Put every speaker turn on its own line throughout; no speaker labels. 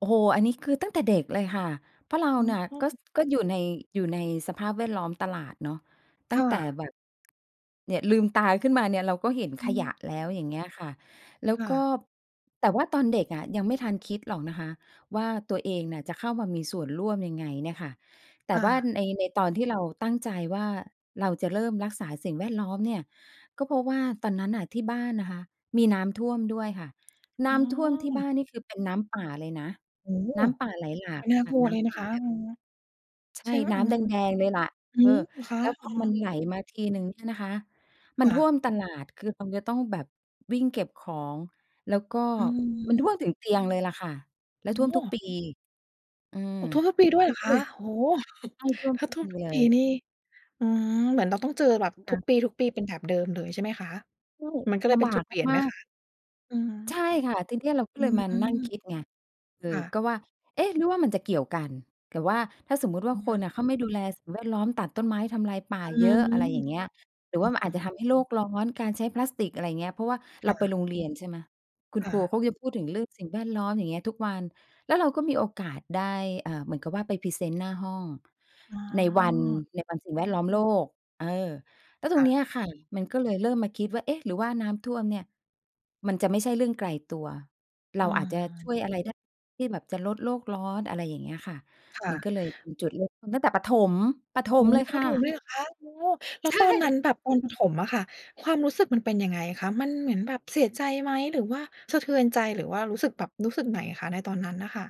โอ้โฮ อันนี้คือตั้งแต่เด็กเลยค่ะ เพราะเราน่ะ ก็ ก็อยู่ใน อยู่ในสภาพแวดล้อมตลาดเนาะ ต
ค
ั้ง
่
แต่
ะ
แบบ เนี่ยลืมตาขึ้นมาเนี่ย เราก็เห็น
อ
ข
ื
ย
ม
ะแล้ว อย่างเงี้ยค่ะ แล้ว
ค่
ก็
ะ
แต่ว่าตอนเด็กอะยังไม่ทันคิดหรอกนะคะ ว่าตัวเองน่ะจะเข้ามามีส่วนร่วมยังไงเนี่ยค่ะ แต
ค
่
่
ว่า
ะ
ใน ในตอนที่เราตั้งใจว่า เราจะเริ่มรักษาสิ่งแวดล้อมเนี่ย ก็เพราะว่าตอนนั้นน่ะที่บ้านนะคะ มีน้ำท่วมด้วยค่ะ น
อ
้
้
ำท่วมที่บ
อ
้านนี่คือ เป็นน้ำป่าเลยนะ
โอ้!
น้ำป่าไหลหลา
ม
ก
ันน่า
ค่
ก
ะ
ลัว
น้
เลย
ำ
น
ป
ะ
่า
คะ
แบบ
อือ
ใช
ใช
่
่ อ
น
า
้ำแดง ๆ เลยล่ะ
อื
เออ
ม คะ
แล้วพ
อ
อมัน
า
ไหลมาทีหนึ่งเนี่ยนะคะ
ค
มัน
่
ท่
ะ
วมตลาด คือเราจะต้องแบบวิ่งเก็บของ แล้วก็
อื
มั
ม
นท่วมถึงเตียงเลยล่ะค่ะ แล้วท่ว
โ
ม
อ
ทุกป
้
ี อืม
โอ้ ท่วมทุกปีด้วยเหรอคะ? โอ้โฮ!
ใช่ ท่วม
ถ้
ท
า
ุก
ท่ว
ป
ม
ี
ทุก
เล
ปี
ย
นี่ อืม เหมือนเราต้องเจอแบบ
ค
ทุ
่ะ
กปี ทุกปี เป็นแบบเดิมเลย ใช่ไหมคะ?
ใช่
มันก็เล
ล
ยเป
ำ
็
บ
น
า
จุ
ก
ดเปลี่ยน
ม
ไหม
าก
ค
ๆ
ะ? อืม
ใช่ค่ะ ทีเนี้ยเราก็
อื
เลยมานั่ง
อ
คิดไง เออ
ๆ ค่ะ
ก็ว่า เอ๊ะ หรือว่ามันจะเกี่ยวกัน หรือว่าถ้าสมมติว่า
อ
ค
า
นอะเขาไม่ดูแลสิ่งแวดล้อมตัดต้นไม้ทำลายป่า
อื
เยอะ อะ
ม
ไรอย่างเง
ค
ี้
่ะ
ย หรือว่ามันอาจจะทำให้โลกร้อน การใช้พลาสติก อะไรอย่างเงี้ย เพราะว่า
ค
เร
่
าไป
ะ
โรงเรียน ใช่ไหม คุณ
ค
ค
่
รู
ะ
เขาจะพูดถึงเรื่องสิ่งแวดล้อม อย่างเงี้ยทุกวัน แล้วเราก็มีโอกาสได้ เอ่อ เหมือนกับว่าไปพรีเซนต์หน้าห้อง
อ
ในวัน
า
ในวันสิ่งแวดล้อมโลก เออ แล้วต
ค
ร
่
งเนี้
ะ
ยค่ะ มันก็เลยเริ่มมาคิดว่า เอ๊ะ หรือว่าน้ำท่วมเนี่ย มันจะไม่ใช่เรื่องไกลตัว เร
อ
าอาจจะช
า
่วยอะไรได้ ที่แบบจะลดโลกร้อน อะไรอย่างเงี้ยค่ะ
ค่
มัน
ะ
ก็เลยเป็นจุดเริ่มต้น ตั้งแต่ประถม ประถ
โอ้
มเลย
ตอนป
ค
ระ
่
ถ
ะ
มเลยเหรอคะ? โอ้ แล้
ใ
ว
ช
ตอนนั
่
้นแบบตอนประถมอะค่ะ ความรู้สึกมันเป็นยังไงคะ? มันเหมือนแบบเสียใจไหม หรือว่าสะเทือนใจ หรือว่ารู้สึกแบบ รู้สึกไหนอะคะ ในตอนนั้นน่ะค่ะ?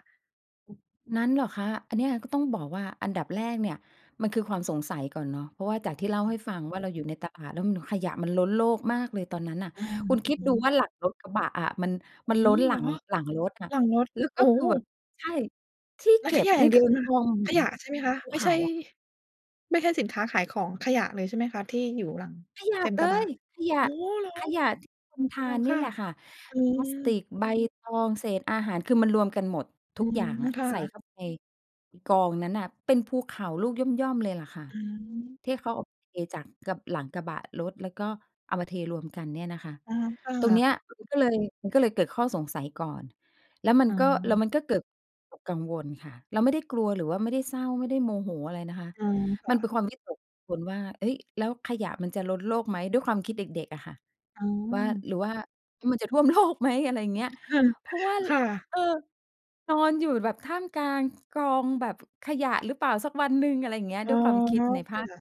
นั้นเหรอคะ? อันเนี้ยก็ต้องบอกว่า อันดับแรกเนี่ย มันคือความสงสัยก่อนเนาะ เพราะว่าจากที่เล่าให้ฟังว่า เราอยู่ในตลาดแล้วขยะมันล้นโลกมากเลยตอนนั้นน่ะ
อา
คุณ
อ
ค
ื
ิดดู
อ
ว่าหลังรถกระบะอะมัน
โอ
มั
้
น
โฮ!
ล้นห
เ
ล
ห
ั
รอ?
ง หลังรถอะ
หลังรถ
แล้ว
โ
ก
อ
็
้
คือแบบ ใช่ ที่
แล้
เ
ว
ก็
ข
บ
ยะอย
น
่
ี่
างเดี
ค
ยว
ือกองเ
ข
หมือ
ย
น
ะใช่ไหมคะ?
ภู
ไม่
เข
ใช
า
่
อะ
ไม่ใช่สินค้าขายของ ขยะเลย ใช่ไหมคะ? ที่อยู่หลัง
ขยะ
เต็ม
เ
ก
ล
ระบะ
ย ขย
โอ
ะ
้ เหรอ
ขยะที่คนท
อ๋
า
อ
นน
ค
ี่
่ะ
แหละค่ะ
อื
พล
ม
าสติก ใบตอง เศษอาหาร คือมันรวมกันหมด
อ
ท
ื
ุก
ม
อย่างอะ
ค่
ใส่
ะ
เข้าไปกองนั้นน่ะ เป็นภูเขาลูกย่อม ๆ เลยล่ะค่ะ
อืม
ที่เขาเอาไปจาก ก หลังกระบะรถ แล้วก็เอามาเทรวมกันเนี่ยนะคะ
อา ค่
ตรง
ะ
เนี้ยมันก็เลย มันก็เลยเกิดข้อสงสัยก่อน แล้วมัน
อ
ก็ แล้
า
วมันก็เกิดกังวลค่ะ เราไม่ได้กลัว หรือว่าไม่ได้เศร้า ไม่ได้โมโหอะไรนะคะ
อืม ค
ม
่
ันเป
ะ
็นความวิตกกังวลว่า เฮ้ย แล้วขยะมันจะล้นโลกไหม ด้วยความคิดเด็ก ๆ อะค่ะ
อ
ว่า
า
หรือว่ามันจะท่วม โลก ไหม อะไรอย่างเงี้ย
ค่ะ
เพราะว่า
ค
ร
่ะ
เออ นอนอยู่แบบท่ามกลางกองแบบขยะหรือเปล่า สักวันหนึ่ง อะไรอย่างเงี้ย
อ๋
ด
อ
้วยความคิดในภาค
ค่ะ